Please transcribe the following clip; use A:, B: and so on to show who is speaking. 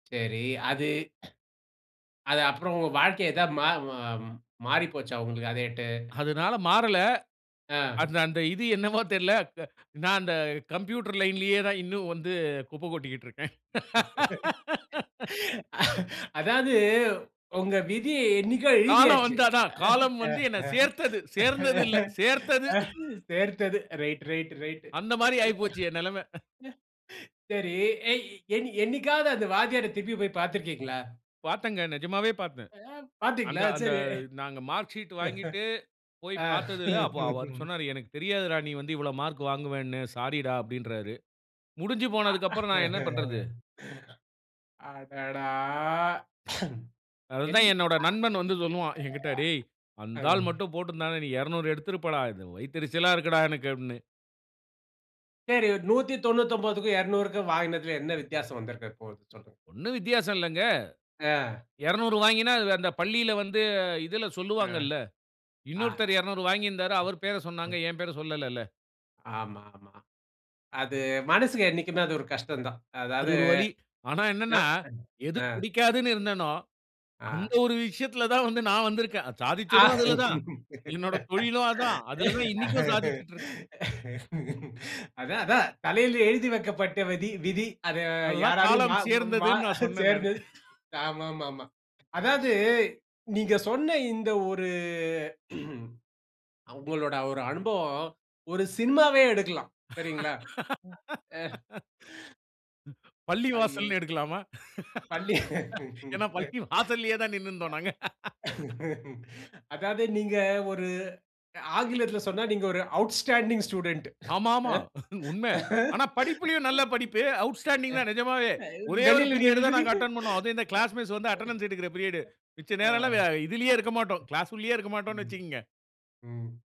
A: சரி. அது அது அப்பறம் உங்க வாழ்க்கை ஏதா மா வ மாறி போச்சா, உங்களுக்கு அதேட்டு?
B: அதுனால மாறல.
A: ஆ.
B: அந்த அந்த இது என்னவோ தெர்ல. க நா அந்த கம்ப்யூட்டர் லைன்லயே தான் இன்னும் வந்து குப்பை கொட்டிக்கிட்டுருக்கேன்.
A: அதாவது உங்க விதி என்னைக்கோ
B: காலம்
A: எழுதியாச்சு.
B: வந்தாதான். காலம் வந்து என்னை சேர்த்தது. சேர்ந்ததில்லை, சேர்த்தது.
A: சேர்த்தது. Right, right, right.
B: அந்த மாரி ஆயி
A: அது
B: போச்சு என் நெலமை.
A: சரி எ என் என்னைக்காவது அந்த வாத்தியார திருப்பி போய் பாத்துருக்கீங்களா?
B: பார்த்தங்க. நெஜமாவே பார்த்தேன்.
A: அ
B: அந்த
A: பாத்தீங்களா?
B: அந்த
A: சரி.
B: நாங்க மார்க் ஷீட் வாங்கிட்டு போய்
A: ஆ.
B: பார்த்ததில அப்போ அவர் சொன்னாரு, "எனக்குத் தெரியாதுரா நீ வந்து இவ்வளோ மார்க் வாங்குவேன்னு. ஸாரிடா!" அப்படீன்றாரு. முடிஞ்சு
A: அ
B: போனதக்கப்பறம் நான் என்ன பண்றது?
A: அடடா! என்
B: அதுதான் என்னோட நண்பன் வந்து சொல்லுவான் என்கிட்ட, "டேய்!
A: அ
B: அந்த ஆள்
A: ம்.
B: மட்டும் போட்டிருந்தான்னா, நீ 200 எடுத்திருப்படா. இது வயித்தெரிச்சலா இருக்குடா, எனக்கு." அப்படீன்னு.
A: சரி. 199க்கும் 200க்கும் வாங்கினதில என்ன வித்தியாசம் வந்திருக்கப் போது, சொல்லுங்க.
B: ஒண்ணும் வித்தியாசம் இல்லங்க.
A: ஆ.
B: 200 வாங்கினா வ் அந்த பள்ளியில வந்து இதுல
A: ஆ.
B: சொல்லுவாங்கள்ல.
A: ஆஹா.
B: இன்னொருத்தர் 200 வாங்கியிருந்தாரு, அவர் பேர
A: அ.
B: சொன்னாங்க. என் பேர சொல்லலல்ல.
A: ஆமா, ஆமா. அது மனசுக்கு என்னைக்குமே அது ஒரு கஷ்டம் தான்.
B: அது
A: அதாவது
B: ஒரு வலி. ஆனா என்னன்னா,
A: [unintelligible]
B: எது
A: ஆ.
B: புடிக்காதுன்னு இருந்தனோ, அந்த
A: ஆ.
B: ஒரு விஷயத்தில தான் வந்து நான் வந்திருக்கேன். அ
A: அ
B: சாதிச்சதும் அதுல தான். என்னோட தொழிலும் அதான். அதுல தான் இன்னைக்கும் சாதிச்சுட்டுருக்கேன்.
A: அதான், அதான். தலையில எழுதி வைக்கப்பட்ட வதி விதி. அதை
B: அதுதான்
A: யாராலயும் மா
B: காலம்
A: மா
B: சேர்ந்ததுன்னு நான் சொன்னேன், நானு.
A: சேர்ந்தது. ஆமாமாமா. அதாவது நீங்க சொன்ன இந்த ஒரு உங்களோட ஒரு அனுபவம் ஒரு சினிமாவே எடுக்கலாம். சரிங்களா? ம். ஆ. ஐயோ!
B: பள்ளிவாசல்ன்னு எடுக்கலாமா?
A: பள்ளி
B: ஏன்னா, பள்ளி வாசல்லயே தான் நின்னுருந்தோம் நாங்க.
A: அதாவது நீங்க ஒரு ஆங்கிலத்தில சொன்னா, நீங்க ஒரு அவுட்ஸ்டாண்டிங் ஸ்டூடண்ட்.
B: ஆமா, ஆமா.
A: ஆ.
B: உண்மை. ஆனா படிப்புலயும் நல்லா படிப்பு. அவுட்ஸ்டாண்டிங் தான் நெஜமாவே. ஒரே ஒரு
A: வெளில
B: பீரியட்
A: நின்னுட்டு
B: தான் நாங்க
A: நீங்க
B: அட்டெண்ட் பண்ணுவோம். அதுவும் இந்த கிளாஸ் மிஸ் வந்து அட்டெண்டன்ஸ் எடுக்கிற பீரியடு. மிச்ச
A: அ ஆ.
B: நேரம்ல்லாம் வ இதுலயே இருக்க மாட்டோம். கிளாஸ் உள்ளயே இருக்க மாட்டோம்ன்னு
A: ம்,
B: வச்சுங்க.
A: ம்.